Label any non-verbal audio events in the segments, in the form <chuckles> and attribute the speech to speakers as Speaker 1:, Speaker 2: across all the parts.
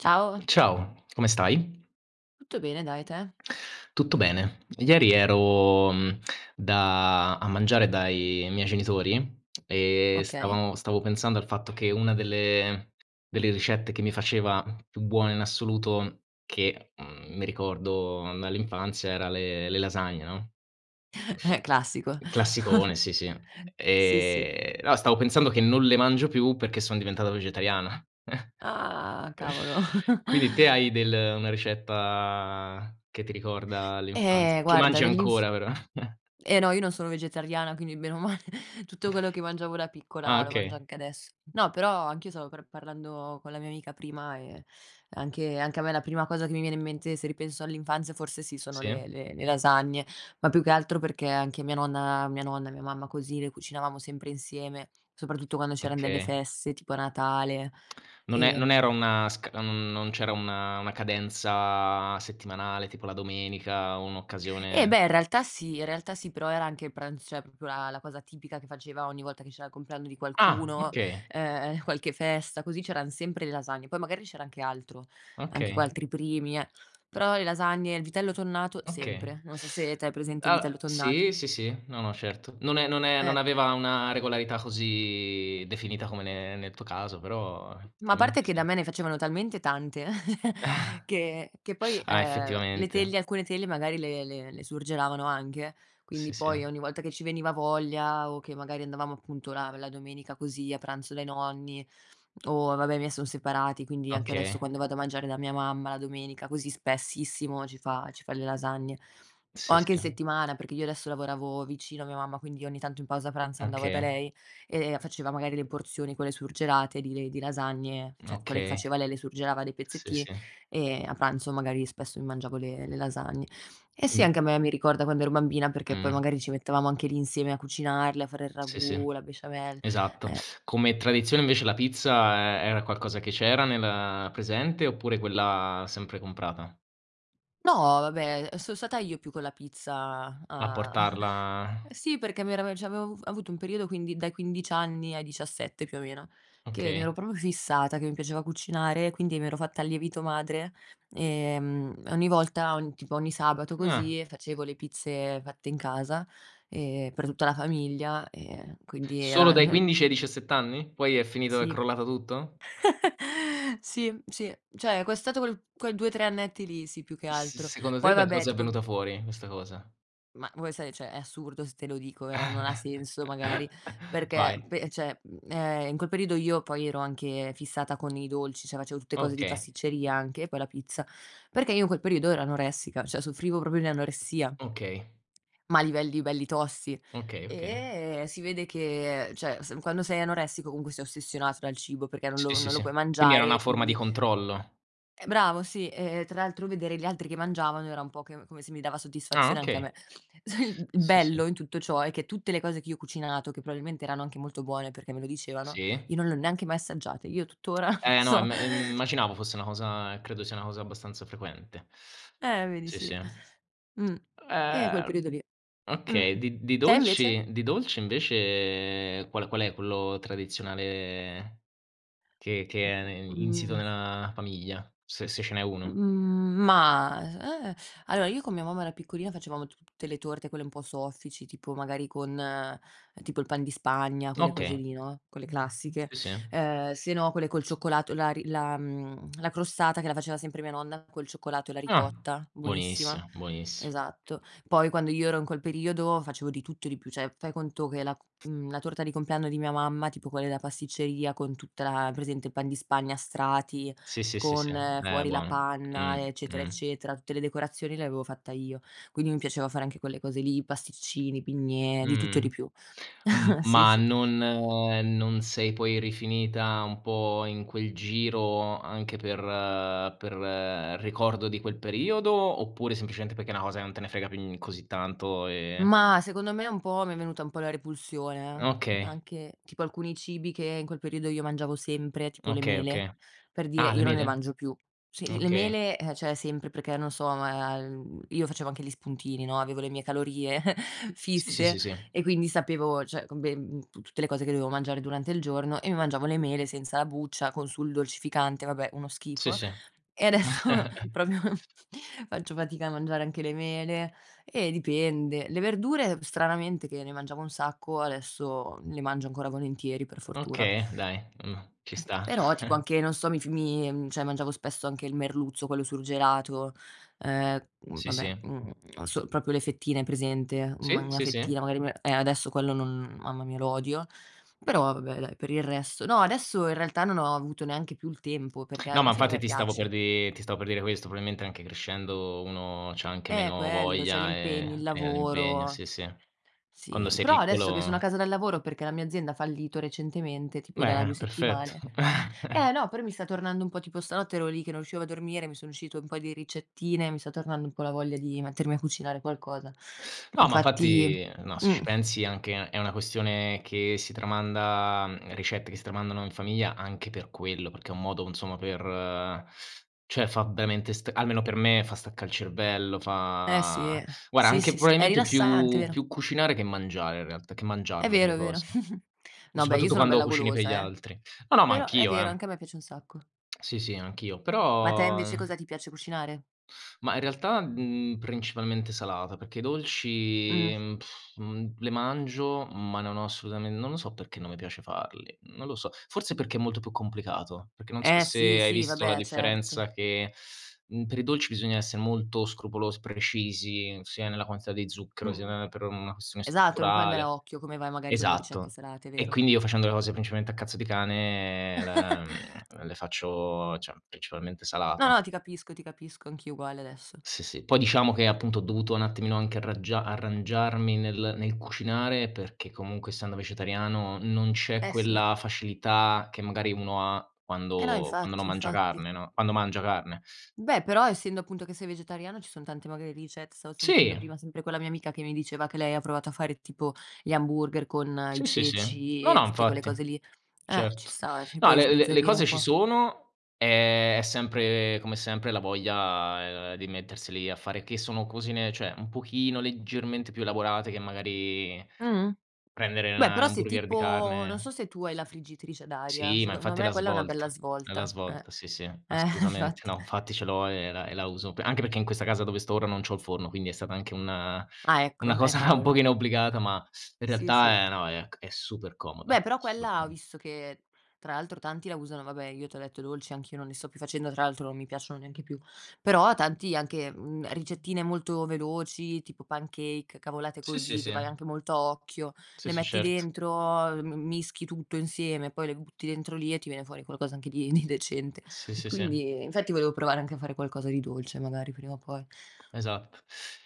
Speaker 1: Ciao.
Speaker 2: Ciao, come stai?
Speaker 1: Tutto bene, dai, te?
Speaker 2: Tutto bene. Ieri ero, mhmm, da a mangiare dai miei genitori, e
Speaker 1: Okay.
Speaker 2: stavamo stavo pensando al fatto che una delle delle ricette che mi faceva più buone in assoluto, che, mhmm, mi ricordo dall'infanzia era le le lasagne, no.
Speaker 1: <chuckles> Eh, classico.
Speaker 2: Classicone,
Speaker 1: <chuckles>
Speaker 2: sì, sì.
Speaker 1: Sì, sì.
Speaker 2: Ehm, no, stavo pensando che non le mangio più perché sono diventato vegetariana, <chuckles>
Speaker 1: Ah, cavolo.
Speaker 2: quindi te
Speaker 1: <chuckles>
Speaker 2: hai del una ricetta che ti ricorda
Speaker 1: Eh,
Speaker 2: l'infanzia che
Speaker 1: guarda
Speaker 2: mangi
Speaker 1: dell'inf
Speaker 2: ancora, però? <chuckles>
Speaker 1: Eh no, io non sono vegetariana, quindi bene o male <chuckles> tutto quello che mangiavo da
Speaker 2: <chuckles> Ah,
Speaker 1: piccola lo mangio
Speaker 2: okay.
Speaker 1: anche adesso. No, però anch'io stavo pr parlando con la mia amica prima e, anche anche a me la prima cosa che mi viene in mente, se ripenso all'infanzia forse sì, sono
Speaker 2: Sì.
Speaker 1: le le le lasagne, ma più che altro perché anche mia nonna mia nonna, mia mamma, così le cucinavamo sempre insieme, soprattutto quando c'erano delle
Speaker 2: Okay.
Speaker 1: feste tipo a Natale,
Speaker 2: <clicks tongue> Non è non era
Speaker 1: ehm
Speaker 2: una sca non non c'era una una cadenza settimanale, tipo la domenica,
Speaker 1: Eh
Speaker 2: un'occasione
Speaker 1: beh in realtà sì in realtà sì, però era anche il pranz cioè proprio la la cosa tipica che faceva ogni volta che c'era il compleanno di
Speaker 2: Ah,
Speaker 1: qualcuno,
Speaker 2: okay.
Speaker 1: ehm, qualche festa così, c'erano sempre le lasagne, poi magari c'era anche altro, anche qu
Speaker 2: Okay.
Speaker 1: altri primi eh, però le lasagne, il vitello tonnato
Speaker 2: Okay.
Speaker 1: sempre. Non so se
Speaker 2: <sucks teeth>
Speaker 1: te hai presente il
Speaker 2: Uhm
Speaker 1: vitello tonnato.
Speaker 2: sì, sì, sì, no, no, certo, non è non è non
Speaker 1: Ecco.
Speaker 2: aveva una regolarità così definita come ne nel tuo caso, però
Speaker 1: Ma a parte
Speaker 2: effettivamente
Speaker 1: che da
Speaker 2: sì.
Speaker 1: me ne facevano talmente tante <giggles> che
Speaker 2: <chuckles>
Speaker 1: che poi,
Speaker 2: Ah,
Speaker 1: ehm, le
Speaker 2: effettivamente.
Speaker 1: teglie, alcune teglie magari le le le surgelavano anche.
Speaker 2: Sì,
Speaker 1: Quindi poi
Speaker 2: sì.
Speaker 1: ogni volta che ci veniva voglia o che magari andavamo appunto la la domenica così, a pranzo dai nonni, o vabbè, i miei sono separati, quindi anche adesso
Speaker 2: Okay.
Speaker 1: quando vado a mangiare da mia mamma la domenica così spessissimo ci fa ci fa le lasagne. O
Speaker 2: Sì,
Speaker 1: anche in
Speaker 2: sì.
Speaker 1: settimana, perché io adesso lavoravo vicino a mia mamma, quindi ogni tanto in pausa pranzo andavo da
Speaker 2: Okay.
Speaker 1: lei, e faceva magari le porzioni, quelle surgelate di le di lasagne, cioè quelle che
Speaker 2: Okay.
Speaker 1: faceva lei le surgelava dei
Speaker 2: Sì,
Speaker 1: pezzettini,
Speaker 2: sì.
Speaker 1: e a pranzo magari spesso mi mangiavo le le lasagne. Eh sì,
Speaker 2: Mh.
Speaker 1: anche a me mi ricorda quando ero bambina, perché poi
Speaker 2: Mh.
Speaker 1: magari ci mettevamo anche lì insieme a cucinarle, a fare il
Speaker 2: Sì, sì,
Speaker 1: ragù, la besciamell
Speaker 2: esatto.
Speaker 1: eh.
Speaker 2: Come tradizione, invece la pizza e era qualcosa che c'era nel presente, oppure quella sempre comprata?
Speaker 1: No, vabbè, son stata io più con la pizza,
Speaker 2: A
Speaker 1: a <chuckles>
Speaker 2: portarla <chuckles>
Speaker 1: sì, perché mi era cioè, avevo avu avuto un periodo, quindi dai 15 anni ai 17 più o meno, che mi
Speaker 2: Okay.
Speaker 1: ero proprio fissata che mi piaceva cucinare, quindi mi ero fatta il lievito madre, ehm, ogni volta ogni tipo ogni sabato
Speaker 2: Ah.
Speaker 1: così facevo le pizze fatte in casa, ehm, per tutta la famiglia, ehm, quindi
Speaker 2: Solo
Speaker 1: era
Speaker 2: dai
Speaker 1: eh
Speaker 2: 15 ai 17 anni? Poi è finito, è
Speaker 1: Sì.
Speaker 2: crollato tutto? <chuckles>
Speaker 1: <laughs> Sì, sì. Cioè, è costato quel quei 2, 3 annetti lì. Sì, più che
Speaker 2: S
Speaker 1: altro,
Speaker 2: secondo te
Speaker 1: poi
Speaker 2: da
Speaker 1: vabbè,
Speaker 2: cosa è
Speaker 1: tipo
Speaker 2: venuta fuori, questa cosa?
Speaker 1: Ma vuoi sai, cioè, è assurdo se te lo dico, vero, non ha
Speaker 2: <laughs>
Speaker 1: senso magari, perché
Speaker 2: Vai.
Speaker 1: pe cioè, ehm, in quel periodo io poi ero anche fissata con i dolci. Cioè, facevo tutte cose di
Speaker 2: Okay.
Speaker 1: pasticceria anche, e poi la pizza, perché io in quel periodo ero anoressica, cioè soffrivo proprio di anoressia.
Speaker 2: Okay.
Speaker 1: Ma a livelli belli tosti,
Speaker 2: Okay, okay.
Speaker 1: e si vede che, cioè s quando sei anoressico comunque sei ossessionato dal cibo perché non
Speaker 2: Sì,
Speaker 1: lo
Speaker 2: sì,
Speaker 1: non lo
Speaker 2: sì.
Speaker 1: puoi
Speaker 2: Quindi era
Speaker 1: mangiare, e
Speaker 2: una forma di
Speaker 1: quindi
Speaker 2: controllo.
Speaker 1: eh, bravo, sì, e tra l'altro vedere gli altri che mangiavano era un po' che come se mi dava
Speaker 2: Ah,
Speaker 1: soddisfazione anche a
Speaker 2: okay.
Speaker 1: me. <chuckles> Il
Speaker 2: Sì, sì.
Speaker 1: bello in tutto ciò è che tutte le cose che io ho cucinato, che probabilmente erano anche molto buone perché me lo dicevano,
Speaker 2: Sì.
Speaker 1: io non le ho neanche mai assaggiate, io tuttora non
Speaker 2: Eh no,
Speaker 1: so
Speaker 2: im immaginavo fosse una cosa credo sia una cosa abbastanza frequente.
Speaker 1: Eh, vedi
Speaker 2: Sì, sì.
Speaker 1: sì, mh. Ehm, quel
Speaker 2: Ehm,
Speaker 1: periodo lì, mh.
Speaker 2: okay. Di di
Speaker 1: Te invece?
Speaker 2: dolci di dolci, invece qual qual è quello tradizionale che che è insito
Speaker 1: Mhmm.
Speaker 2: nella famiglia, se se ce n'è uno.
Speaker 1: Mhmm, ma, eh, allora, io con mia mamma, ero piccolina, facevamo tutte le torte, quelle un po' soffici, tipo magari con tipo il pan di Spagna, quelle cose
Speaker 2: Okay.
Speaker 1: lì, no, quelle classiche.
Speaker 2: S sì.
Speaker 1: Ehm, sennò quelle col cioccolato, la ri la, mhmm, la crostata che la faceva sempre mia nonna col cioccolato e la
Speaker 2: Ah,
Speaker 1: ricotta, buonissima.
Speaker 2: buonissima, buoniss
Speaker 1: Esatto, poi quando io ero in quel periodo facevo di tutto e di più. Cioè, fai conto che la, ehm, la torta di compleanno di mia mamma, tipo quella della pasticceria, con tutta la hai presente il pan di Spagna a strati,
Speaker 2: Sì, sì, sì, sì,
Speaker 1: con
Speaker 2: eh
Speaker 1: fuori la
Speaker 2: buono.
Speaker 1: panna,
Speaker 2: Mh-mh,
Speaker 1: eccetera,
Speaker 2: mh-mh.
Speaker 1: eccetera, tutte le decorazioni, l'avevo fatta io. Quindi mi piaceva fare anche quelle cose lì, pasticcini, bignè, di tutto e
Speaker 2: Mh-mh.
Speaker 1: di più.
Speaker 2: Mhmm,
Speaker 1: <chuckles> Sì,
Speaker 2: ma
Speaker 1: s
Speaker 2: non non sei poi rifinita un po' in quel giro anche per per ricordo di quel periodo, oppure semplicemente perché è una cosa che non te ne frega più, mhmm, così tanto e
Speaker 1: Mah, secondo me un po' mi è venuta un po' la repulsione, eh.
Speaker 2: Okay.
Speaker 1: Anche tipo alcuni cibi che in quel periodo io mangiavo sempre, tipo le
Speaker 2: Okay.
Speaker 1: mele,
Speaker 2: Okay.
Speaker 1: per dire,
Speaker 2: Ah, le
Speaker 1: io non ne
Speaker 2: mele?
Speaker 1: mangio più. Sì, le le
Speaker 2: Okay.
Speaker 1: mele, ehm, cioè, sempre perché, non so, io, ehm, facevo anche gli spuntini, no, avevo le mie calorie <chuckles>
Speaker 2: Sì, sì, sì,
Speaker 1: fisse,
Speaker 2: sì.
Speaker 1: e quindi sapevo, cioè co beh tu tutte le cose che dovevo mangiare durante il giorno e mi mangiavo le mele senza la buccia con sul dolcificante. Vabbè, uno
Speaker 2: Sì,
Speaker 1: schifo,
Speaker 2: sì.
Speaker 1: e adesso
Speaker 2: <chuckles>
Speaker 1: proprio faccio fatica a mangiare anche le mele, eh, dipende. Le verdure, stranamente, che ne mangiavo un sacco, adesso le mangio ancora volentieri, per fortuna.
Speaker 2: Okay, dai, mh. Ci
Speaker 1: Eh p
Speaker 2: sta.
Speaker 1: però tipo
Speaker 2: <chuckles>
Speaker 1: anche, non so, mi f mi cioè, mangiavo spesso anche il merluzzo, quello surgelato, ehm,
Speaker 2: Sì,
Speaker 1: vabbè,
Speaker 2: sì.
Speaker 1: mhmm, non so, proprio le fettine, hai presente, una ma
Speaker 2: Sì,
Speaker 1: una
Speaker 2: sì, sì.
Speaker 1: fettina magari, eh, adesso quello non mamma mia, lo odio. Però vabbè, dai, per il resto no, adesso in realtà non ho avuto neanche più il tempo, perché
Speaker 2: No, ma
Speaker 1: alla fine a
Speaker 2: infatti
Speaker 1: me
Speaker 2: ti stavo per
Speaker 1: piace.
Speaker 2: di ti stavo per dire questo. Probabilmente anche crescendo uno c'ha anche
Speaker 1: Eh,
Speaker 2: meno
Speaker 1: quello, cioè,
Speaker 2: voglia
Speaker 1: l'impegno, il
Speaker 2: e e l'impegno
Speaker 1: lavoro.
Speaker 2: sì, sì, quando
Speaker 1: Sì,
Speaker 2: sei
Speaker 1: però adesso che sono a
Speaker 2: piccolo
Speaker 1: casa dal lavoro perché la mia azienda ha fallito recentemente, tipo da
Speaker 2: Bene,
Speaker 1: 2
Speaker 2: perfetto.
Speaker 1: settimane
Speaker 2: <chuckles>
Speaker 1: eh no, però mi sta tornando un po', tipo stanotte ero lì che non riuscivo a dormire. Mi sono uscite un po' di ricettine. Mi sta tornando un po' la voglia di mettermi a cucinare qualcosa.
Speaker 2: No, ma
Speaker 1: Infatti
Speaker 2: infatti no. Se ci
Speaker 1: mh.
Speaker 2: pensi, anche è una questione che si tramanda, ricette che si tramandano in famiglia anche per quello, perché è un modo, insomma, per cioè, fa veramente almeno per me, staccà il cervello.
Speaker 1: Eh,
Speaker 2: Fa
Speaker 1: sì,
Speaker 2: guarda,
Speaker 1: sì,
Speaker 2: anche
Speaker 1: sì, sì, è
Speaker 2: probabilmente
Speaker 1: rilassante,
Speaker 2: più
Speaker 1: vero.
Speaker 2: più cucinare che mangiare, in realtà, che
Speaker 1: È
Speaker 2: mangiarle quelle
Speaker 1: vero, è vero.
Speaker 2: cose,
Speaker 1: <chuckles>
Speaker 2: o
Speaker 1: No, beh, io
Speaker 2: soprattutto
Speaker 1: sono
Speaker 2: quando
Speaker 1: bella
Speaker 2: cucini per gli
Speaker 1: golosa, eh.
Speaker 2: altri. No, no, ma
Speaker 1: Però è
Speaker 2: anch'io,
Speaker 1: vero,
Speaker 2: eh.
Speaker 1: anche a me piace un sacco.
Speaker 2: Sì, sì, anch'io,
Speaker 1: Ma a te
Speaker 2: però
Speaker 1: invece cosa ti piace cucinare?
Speaker 2: Ma, in realtà, mhmm, principalmente, salata perché i dolci,
Speaker 1: Mh.
Speaker 2: mhmm, <lip trill> mhmm, le mangio, ma non ho assolutamen non lo so perché non me piace farli, non lo so. Forse perché è molto più complicato, perché non so
Speaker 1: Eh,
Speaker 2: se
Speaker 1: sì,
Speaker 2: hai
Speaker 1: sì,
Speaker 2: visto la
Speaker 1: vabbè, certo.
Speaker 2: differenza che <sucks teeth> mhmm, per i dolci bisogna essere molto scrupolos precisi, sia nella quantità di zucchero, sia
Speaker 1: Mh-mh,
Speaker 2: <unintelligible> per una questione
Speaker 1: esatto. Non puoi andare a
Speaker 2: strutturale,
Speaker 1: occhio, come vai, magari, con le ricette
Speaker 2: esatto.
Speaker 1: salate, è
Speaker 2: E,
Speaker 1: vero.
Speaker 2: quindi, io facendo le cose principalmente a cazzo di cane, ehm, la
Speaker 1: <chuckles>
Speaker 2: mhmm, le faccio cioè, principalmente
Speaker 1: No,
Speaker 2: salata.
Speaker 1: no, ti capisco, ti capisco. Anch'io uguale, adesso.
Speaker 2: Sì, sì. Poi diciamo che, appunto, ho dovuto un attimino anche arraggia arrangiarmi nel nel cucinare perché, comunque, essendo vegetariano, non c'è
Speaker 1: Eh, sì.
Speaker 2: quella facilità che, magari, uno ha
Speaker 1: Eh, no,
Speaker 2: quando quando
Speaker 1: infatti,
Speaker 2: non mangia
Speaker 1: infatti.
Speaker 2: carne, no quando mangia carne.
Speaker 1: Beh, però essendo, appunto, che sei vegetariano, ci sono tanti magari ricett stavo sentendo
Speaker 2: Sì!
Speaker 1: prima, sempre quella mia amica, che mi diceva che lei ha provato a fare, tipo, gli hamburger con i
Speaker 2: Sì, sì, sì. No,
Speaker 1: ceci e
Speaker 2: no,
Speaker 1: tutte quelle
Speaker 2: infatti.
Speaker 1: cose lì, eh, ci
Speaker 2: Certo.
Speaker 1: sta, eh, cioè
Speaker 2: No,
Speaker 1: puoi
Speaker 2: le le le
Speaker 1: sbizzarrire
Speaker 2: cose
Speaker 1: un
Speaker 2: ci
Speaker 1: po'.
Speaker 2: sono, ehm, è sempre come sempre la voglia di metterseli a fare, che sono cosine, cioè, un pochino, leggermente, più elaborate che magari
Speaker 1: Mh-mh.
Speaker 2: prendere,
Speaker 1: Beh,
Speaker 2: 'na 'na
Speaker 1: però se
Speaker 2: hamburger di
Speaker 1: tipo non
Speaker 2: carne
Speaker 1: so se tu hai la friggitrice ad aria,
Speaker 2: Sì, ma
Speaker 1: secondo
Speaker 2: infatti è
Speaker 1: me,
Speaker 2: la
Speaker 1: quella è una bella
Speaker 2: svolta, è la
Speaker 1: svolta, eh.
Speaker 2: svolta, sì, sì,
Speaker 1: Eh,
Speaker 2: assolutamente.
Speaker 1: infatti!
Speaker 2: No, infatti, ce l'ho e era e la uso p anche perché in questa casa, dove sto ora, non c'ho il forno, quindi è stata anche una
Speaker 1: Ah,
Speaker 2: una
Speaker 1: ecco.
Speaker 2: cosa
Speaker 1: Eh,
Speaker 2: <chuckles> un
Speaker 1: cavolo.
Speaker 2: pochino obbligata, ma, in
Speaker 1: Sì, sì.
Speaker 2: realtà, ehm, no è c è super comoda,
Speaker 1: Beh, però
Speaker 2: super
Speaker 1: quella ho
Speaker 2: com
Speaker 1: visto che, tra l'altro, tanti la usano vabbè, io, te ho detto, i dolci anch'io non li sto più facendo, tra l'altro non mi piacciono neanche più. Però, ho tanti anche, mhmm, ricettine molto veloci, tipo pancake, cavolate
Speaker 2: Sì, sì,
Speaker 1: così che vai
Speaker 2: sì.
Speaker 1: anche molto a occhio,
Speaker 2: Sì,
Speaker 1: le
Speaker 2: sì,
Speaker 1: metti
Speaker 2: certo.
Speaker 1: dentro, ehm, m mischi tutto insieme e poi le butti dentro lì e ti viene fuori qualcosa anche di di decente.
Speaker 2: Sì, sì, sì.
Speaker 1: Quindi infatti, volevo provare anche a fare qualcosa di dolce, magari, prima o poi.
Speaker 2: Esatto.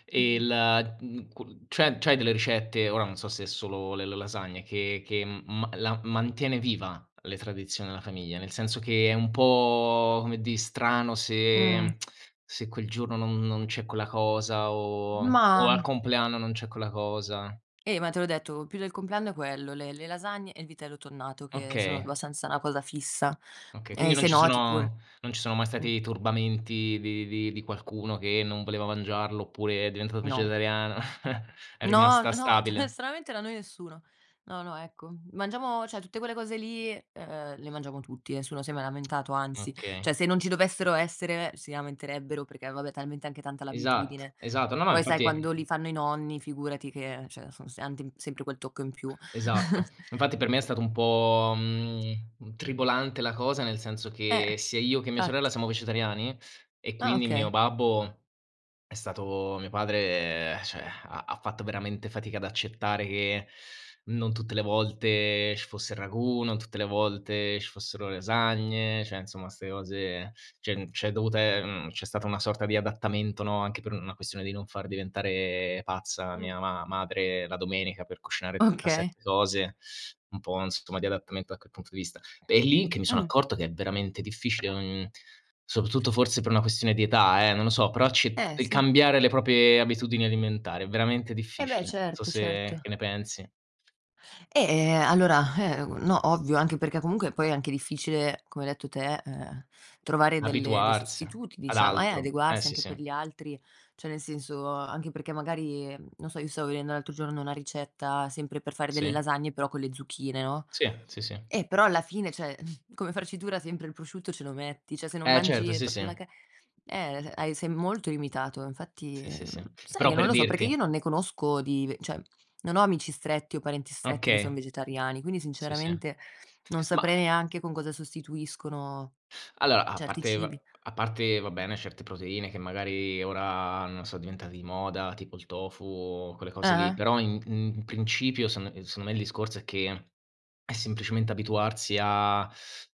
Speaker 2: E la mhmm, cu c'è c'hai delle ricette? Ora non so se è solo le le lasagne che che m ma la mantiene viva le tradizioni della famiglia, nel senso che è un po', come dì, strano
Speaker 1: Mh.
Speaker 2: se <clicks tongue> se quel giorno non non c'è quella cosa o o al
Speaker 1: Ma
Speaker 2: compleanno non c'è quella cosa.
Speaker 1: Eh, ma te l'ho detto più del compleanno è quello: le le lasagne e il vitello tonnato, che sono
Speaker 2: Okay.
Speaker 1: abbastanza una cosa fissa.
Speaker 2: Okay. Quindi,
Speaker 1: Ehm,
Speaker 2: non ci
Speaker 1: sennò, tipo, il
Speaker 2: sono non ci sono mai
Speaker 1: mh.
Speaker 2: stati turbamenti di di di qualcuno che non voleva mangiarlo oppure è diventato
Speaker 1: No.
Speaker 2: vegetariana? <chuckles> È
Speaker 1: No,
Speaker 2: rimasta
Speaker 1: no, ta
Speaker 2: stabile.
Speaker 1: stranamente, da noi nessuno. No, no, ecco, mangiamo cioè, tutte quelle cose lì, ehm, le mangiamo tutti, nessuno si è mai
Speaker 2: <tsk>
Speaker 1: lamentato, anzi; cioè
Speaker 2: Okay.
Speaker 1: se non ci dovessero essere, si lamenterebbero perché, eh, vabbè, talmente anche tanta
Speaker 2: Esatto,
Speaker 1: l'abitudine.
Speaker 2: esatto. No, no,
Speaker 1: Poi, sai,
Speaker 2: infatti
Speaker 1: quando li fanno i nonni, figurati che cioè, son se anti sempre quel tocco in più.
Speaker 2: Esatto.
Speaker 1: <chuckles>
Speaker 2: Infatti per me è stato un po', mhmm, gn mhmm, tribolante la cosa, nel senso che
Speaker 1: Eh,
Speaker 2: sia io che mia sorella
Speaker 1: fatti.
Speaker 2: siamo vegetariani, e
Speaker 1: Ah,
Speaker 2: quindi mio
Speaker 1: okay.
Speaker 2: babbo è stato mio padre, ehm, cioè, <sighs> ha ha fatto veramente fatica ad accettare che non tutte le volte ci fosse il ragù, non tutte le volte ci fossero le lasagne, cioè, insomma, 'ste cose c'è n c'è dovuta ehm, c'è stata una sorta di adattamento, no, anche per una questione di non far diventare pazza
Speaker 1: Mh.
Speaker 2: mia ma madre la domenica per cucinare
Speaker 1: Okay.
Speaker 2: 37 cose un po', insomma, di adattamento da que punto di vista. È lì che mi sono
Speaker 1: Mh.
Speaker 2: accorto che è veramente difficile, mhmm, soprattutto forse per una questione di età, eh, non lo so, però ci
Speaker 1: Eh,
Speaker 2: il
Speaker 1: sì.
Speaker 2: cambiare le proprie abitudini alimentari è veramente
Speaker 1: Eh, beh!
Speaker 2: difficile. So
Speaker 1: Certo,
Speaker 2: se
Speaker 1: certo.
Speaker 2: che ne pensi?
Speaker 1: Eh, allora, eh, no, ovvio, anche perché comunque poi è anche difficile, come hai detto te, ehm, trovare delle dei
Speaker 2: Abituarsi
Speaker 1: sostituti,
Speaker 2: ad
Speaker 1: diciamo eh,
Speaker 2: altro. Eh,
Speaker 1: adeguarsi
Speaker 2: sì,
Speaker 1: anche
Speaker 2: sì.
Speaker 1: per gli altri, cioè nel senso anche perché magari non so, io stavo vedendo l'altro giorno una ricetta sempre per fare delle
Speaker 2: Sì.
Speaker 1: lasagne, però con le zucchine, no,
Speaker 2: Sì, sì, sì.
Speaker 1: eh, però alla fine, cioè, mhmm, come farcitura sempre il prosciutto ce lo metti, cioè se non
Speaker 2: Eh, certo.
Speaker 1: mangi
Speaker 2: Sì, sì.
Speaker 1: proprio la ca eh, hai sei molto limitato, infatti
Speaker 2: Sì, sì, sì.
Speaker 1: sai
Speaker 2: Però
Speaker 1: che non
Speaker 2: per
Speaker 1: lo so? Perché
Speaker 2: dirti
Speaker 1: io non ne conosco di ve cioè, non ho amici stretti o parenti stretti che son
Speaker 2: Okay.
Speaker 1: vegetariani, quindi
Speaker 2: Sì, sì.
Speaker 1: sinceramente non
Speaker 2: Ma
Speaker 1: saprei neanche con cosa sostituiscono
Speaker 2: allora, a
Speaker 1: certi
Speaker 2: parte va
Speaker 1: cibi.
Speaker 2: a parte va bene certe proteine che magari ora, no, so diventate di moda, tipo il tofu o quelle cose lì,
Speaker 1: Ah-ah.
Speaker 2: però in in in principio secon ehm, secondo me il discorso è che è semplicemente abituarsi a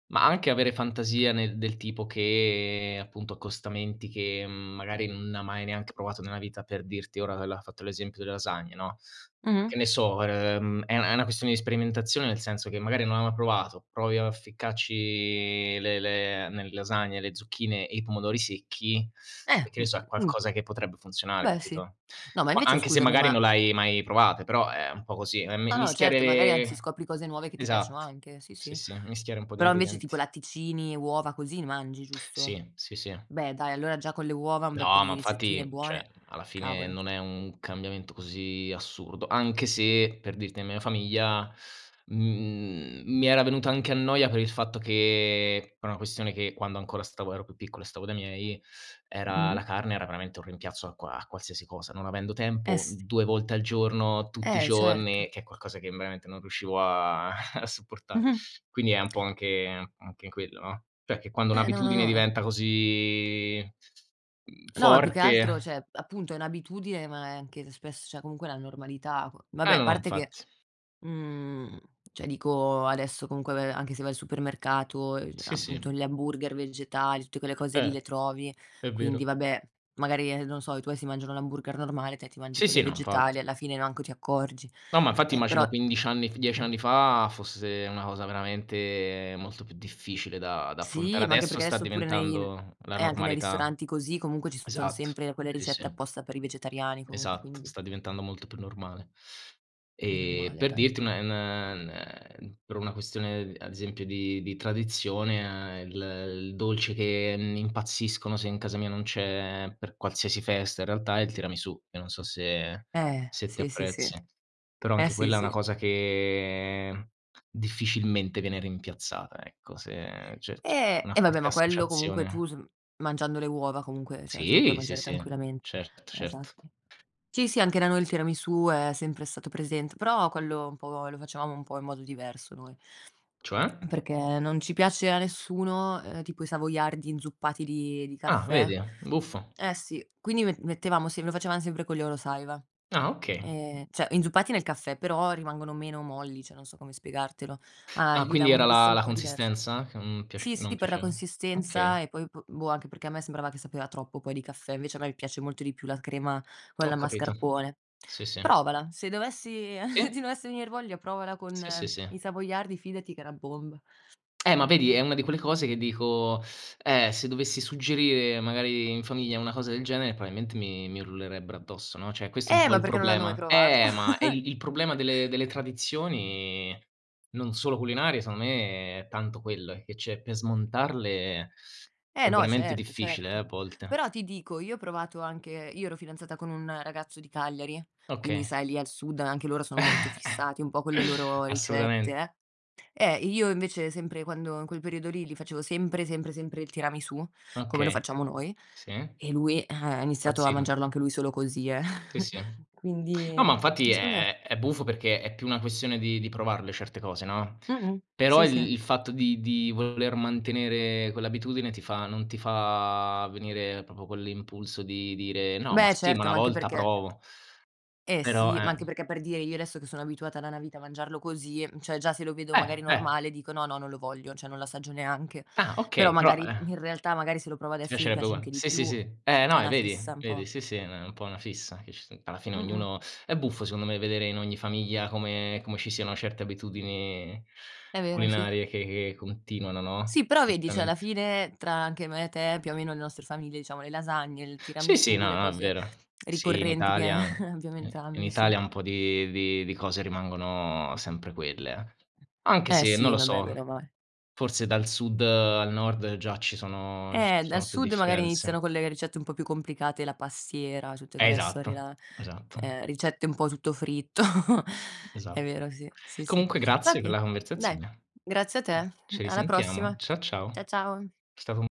Speaker 2: ma anche avere fantasia nel del tipo che appunto accostamenti che, mhmm, magari non hai mai neanche provato nella vita, per dirti, ora <unintelligible> hai fatto l'esempio delle lasagne, no,
Speaker 1: Mh-mh.
Speaker 2: che ne so ehm è una è una questione di sperimentazione nel senso che magari non hai mai provato, provi a ficcarci le le nelle lasagne, le zucchine e i pomodori secchi,
Speaker 1: Eh,
Speaker 2: e che ne
Speaker 1: <unintelligible>
Speaker 2: so, è
Speaker 1: mh.
Speaker 2: qualcosa che potrebbe funzionare,
Speaker 1: Beh, sì.
Speaker 2: capito?
Speaker 1: No ma
Speaker 2: Qua
Speaker 1: invece
Speaker 2: anche se
Speaker 1: scusami,
Speaker 2: magari
Speaker 1: ma
Speaker 2: non l'hai mai provate, però è un po' così, ehm, mi
Speaker 1: O no,
Speaker 2: mischiare
Speaker 1: certo, magari anzi
Speaker 2: le
Speaker 1: scopri cose nuove che ti piacciono
Speaker 2: esatto.
Speaker 1: anche. Sì,
Speaker 2: Sì,
Speaker 1: sì.
Speaker 2: sì, mischiare un po' di
Speaker 1: Però invece tipo
Speaker 2: ingredienti.
Speaker 1: latticini, uova così ne mangi, giusto?
Speaker 2: Sì, sì, sì.
Speaker 1: Beh, dai, allora già con le uova un bel po'
Speaker 2: No ma
Speaker 1: di ricettine
Speaker 2: infatti,
Speaker 1: buone,
Speaker 2: cioè alla fine
Speaker 1: cavolo.
Speaker 2: non è un cambiamento così assurdo, anche se, per dirti, nella mia famiglia, mhmm, mi era venuta anche a noia per il fatto che per una questione che quando ancora stavo ero più piccolo e stavo dai miei, era la
Speaker 1: Mh-mh.
Speaker 2: carne era veramente un rimpiazzo a qua a qualsiasi cosa, non avendo
Speaker 1: Eh,
Speaker 2: tempo,
Speaker 1: s
Speaker 2: 2 volte al giorno, tutti i
Speaker 1: Eh, certo.
Speaker 2: giorni, che è qualcosa che veramente non riuscivo a <chuckles> a sopportare.
Speaker 1: Mh-mh.
Speaker 2: Quindi è un po' anche anche quello, no, cioè che quando
Speaker 1: Eh no, no,
Speaker 2: un'abitudine
Speaker 1: no la
Speaker 2: diventa così, mhmm,
Speaker 1: No, è più che altro
Speaker 2: forte
Speaker 1: cioè appunto, è n abitudine, ma è anche spess cioè comunque la normalità c
Speaker 2: Eh,
Speaker 1: vabbè, a
Speaker 2: no, no,
Speaker 1: parte che
Speaker 2: infatti.
Speaker 1: mhmm, cioè dico, adesso comunque ve anche se vai al supermercato, e <unintelligible>
Speaker 2: Sì,
Speaker 1: appunto
Speaker 2: sì.
Speaker 1: gli hamburger vegetali, tutte quelle cose lì
Speaker 2: Eh,
Speaker 1: le trovi.
Speaker 2: è
Speaker 1: Quindi
Speaker 2: vero.
Speaker 1: vabbè, magari, ehm, non so, i tuoi si mangiano l'hamburger normale, te ti mangi
Speaker 2: Sì,
Speaker 1: quello
Speaker 2: sì, no, infatti.
Speaker 1: vegetale e alla fine manco ti accorgi.
Speaker 2: No, ma infatti
Speaker 1: Eh, però
Speaker 2: immagino 15 anni f 10
Speaker 1: mh.
Speaker 2: anni fa fosse una cosa veramente molto più difficile da da affrontare.
Speaker 1: Sì, ma anche
Speaker 2: Adesso
Speaker 1: perché
Speaker 2: sta
Speaker 1: adesso pure nei
Speaker 2: diventando la
Speaker 1: eh, anche nei
Speaker 2: normalità.
Speaker 1: ristoranti, così, comunque ci son
Speaker 2: Esatto.
Speaker 1: sempre quelle
Speaker 2: Sì,
Speaker 1: ricette
Speaker 2: sì.
Speaker 1: apposta per i vegetariani, comunque,
Speaker 2: Esatto,
Speaker 1: quindi
Speaker 2: sta diventando molto più normale.
Speaker 1: Meno
Speaker 2: Ehm,
Speaker 1: male,
Speaker 2: per
Speaker 1: dai.
Speaker 2: dirti un è n n ehm, per una questione, ad esempio di di tradizione il il dolce che n impazziscono se in casa mia non c'è per qualsiasi festa in realtà è il tiramisù, che non so se
Speaker 1: Eh,
Speaker 2: se te
Speaker 1: sì, sì, sì.
Speaker 2: apprezzi. Però
Speaker 1: Eh,
Speaker 2: anche
Speaker 1: sì,
Speaker 2: quella è una
Speaker 1: sì.
Speaker 2: cosa che difficilmente viene rimpiazzata, ecco. Se c'è c'è
Speaker 1: Eh,
Speaker 2: una
Speaker 1: e vabbè
Speaker 2: forte
Speaker 1: ma quello comunque
Speaker 2: associazione.
Speaker 1: tu s mangiando le uova comunque, cioè te lo puoi
Speaker 2: Sì, sì,
Speaker 1: mangiare
Speaker 2: sì,
Speaker 1: tranquillamente
Speaker 2: certo, certo.
Speaker 1: Esatto. Sì, sì, anche da noi il tiramisù è sempre stato presente, però quello un po' lo facevamo un po' in modo diverso, noi
Speaker 2: Cioè?
Speaker 1: perché non ci piace a nessuno, ehm, tipo i savoiardi inzuppati di di
Speaker 2: Ah,
Speaker 1: caffè
Speaker 2: vedi. Buffo.
Speaker 1: Eh sì, quindi me mettevamo sem lo facevam sempre con gli Oro Saiwa,
Speaker 2: Ah, okay.
Speaker 1: ehm, cioè inzuppati nel caffè, però rimangono meno molli, cioè, non so come spiegartelo. A
Speaker 2: Ah,
Speaker 1: gli dà
Speaker 2: quindi
Speaker 1: un
Speaker 2: era
Speaker 1: gusto
Speaker 2: la
Speaker 1: un
Speaker 2: la
Speaker 1: po' divers
Speaker 2: consistenza che n piace
Speaker 1: sì,
Speaker 2: non
Speaker 1: sì, per la
Speaker 2: piaceva? Okay.
Speaker 1: consistenza e poi p boh, anche perché a me sembrava che sapeva troppo poi di caffè. Invece a me mi piace molto di più la crema, quella
Speaker 2: Ho
Speaker 1: al
Speaker 2: capito.
Speaker 1: mascarpone.
Speaker 2: Sì, sì.
Speaker 1: Provala, se dovessi <chuckles> se
Speaker 2: Sì.
Speaker 1: ti dovesse venir voglia provala
Speaker 2: Sì, sì,
Speaker 1: con i
Speaker 2: sì.
Speaker 1: savoiardi, fidati che è una bomba.
Speaker 2: Eh ma vedi, è una di quelle cose che dico, eh, se dovessi suggerire magari in famiglia una cosa del genere, probabilmente mi mi urlerebbero addosso, no, cioè questo è un
Speaker 1: Eh,
Speaker 2: po'
Speaker 1: ma
Speaker 2: il
Speaker 1: perché non l'hanno mai
Speaker 2: problema
Speaker 1: provato.
Speaker 2: Eh, ma è
Speaker 1: <chuckles>
Speaker 2: il il problema delle delle tradizioni, non solo culinarie, secondo me è tanto quello eh, che cioè per smontarle
Speaker 1: Eh
Speaker 2: è
Speaker 1: no,
Speaker 2: veramente
Speaker 1: certo,
Speaker 2: difficile, eh,
Speaker 1: certo.
Speaker 2: a volte.
Speaker 1: Però ti dico, io ho provato anche io ero fidanzata con un ragazzo di Cagliari, quindi
Speaker 2: Okay.
Speaker 1: sai lì al sud a anche loro sono molto
Speaker 2: <chuckles>
Speaker 1: fissati un po' con le loro ricette,
Speaker 2: Assolutament
Speaker 1: eh Eh, io invece sempre quando in quel periodo lì gli facevo sempre, sempre, sempre il tiramisù come lo
Speaker 2: Okay,
Speaker 1: facciamo noi,
Speaker 2: sì.
Speaker 1: e lui eh ha iniziato a
Speaker 2: Impazzivano.
Speaker 1: mangiarlo anche lui solo così, eh.
Speaker 2: Sì, sì.
Speaker 1: <chuckles>
Speaker 2: No, ma
Speaker 1: Quindi
Speaker 2: infatti
Speaker 1: secondo me
Speaker 2: è è buffo perché è più una questione di di provarle certe cose, no?
Speaker 1: Mh-mh.
Speaker 2: Però
Speaker 1: Sì, sì.
Speaker 2: il il fatto di di voler mantenere quell'abitudine ti fa non ti fa venire proprio quell'impulso di dire: "No, ma
Speaker 1: Beh,
Speaker 2: sì, ma
Speaker 1: certo,
Speaker 2: una
Speaker 1: ma anche
Speaker 2: volta
Speaker 1: perché
Speaker 2: provo."
Speaker 1: Eh
Speaker 2: Però,
Speaker 1: sì, ma anche
Speaker 2: eh
Speaker 1: perché per dire io adesso che sono abituata da una vita a mangiarlo così, mhmm, cioè già se lo vedo magari
Speaker 2: Eh, eh.
Speaker 1: normale dico: "No, no, non lo voglio." Cioè non l'assaggio neanche.
Speaker 2: Ah,
Speaker 1: Però
Speaker 2: okay, però,
Speaker 1: magari
Speaker 2: eh
Speaker 1: in realtà magari se lo provo
Speaker 2: Ti
Speaker 1: adesso mi
Speaker 2: piacerebbe
Speaker 1: piace
Speaker 2: ugua
Speaker 1: anche di
Speaker 2: sì, sì,
Speaker 1: più.
Speaker 2: sì, eh,
Speaker 1: É
Speaker 2: no, eh,
Speaker 1: una
Speaker 2: vedi,
Speaker 1: fissa, m
Speaker 2: vedi,
Speaker 1: po'.
Speaker 2: sì, sì, è na un po' una fissa che ci s alla fine
Speaker 1: Mh-mh.
Speaker 2: ognuno è buffo secondo me vedere in ogni famiglia come come ci siano certe abitudini
Speaker 1: È vero, sì.
Speaker 2: culinarie che che continuano, no?
Speaker 1: Sì, però vedi cioè alla
Speaker 2: Assolutamente.
Speaker 1: fine tra anche me e te, più o meno le nostre famiglie, diciamo le lasagne, il
Speaker 2: Sì, sì,
Speaker 1: tiramisù,
Speaker 2: no,
Speaker 1: le
Speaker 2: no, è
Speaker 1: cose
Speaker 2: vero. Sì, in
Speaker 1: ricorrenti che
Speaker 2: Italia, n
Speaker 1: <chuckles> abbiamo
Speaker 2: in
Speaker 1: entrambi, sì.
Speaker 2: Italia un po' di di di cose rimangono sempre quelle. Anche
Speaker 1: Eh,
Speaker 2: se non
Speaker 1: sì,
Speaker 2: lo
Speaker 1: vabbè, bene
Speaker 2: so,
Speaker 1: o male.
Speaker 2: forse dal sud al nord già ci sono ci
Speaker 1: Eh, dal
Speaker 2: sono più
Speaker 1: sud magari iniziano
Speaker 2: differenze.
Speaker 1: con le ricette un po' più complicate, la pastiera, tutte
Speaker 2: Eh,
Speaker 1: quelle storie
Speaker 2: esatto,
Speaker 1: là.
Speaker 2: esatto.
Speaker 1: Ehm, ricette un po' tutto fritto. <chuckles> È
Speaker 2: Esat
Speaker 1: vero, sì, sì, sì.
Speaker 2: Comunque grazie per
Speaker 1: Vabbè,
Speaker 2: la
Speaker 1: dai.
Speaker 2: conversazione.
Speaker 1: Grazie a te,
Speaker 2: Ci
Speaker 1: alla
Speaker 2: risentiamo.
Speaker 1: prossima.
Speaker 2: Ciao, ciao.
Speaker 1: Cia ciao.
Speaker 2: È stato un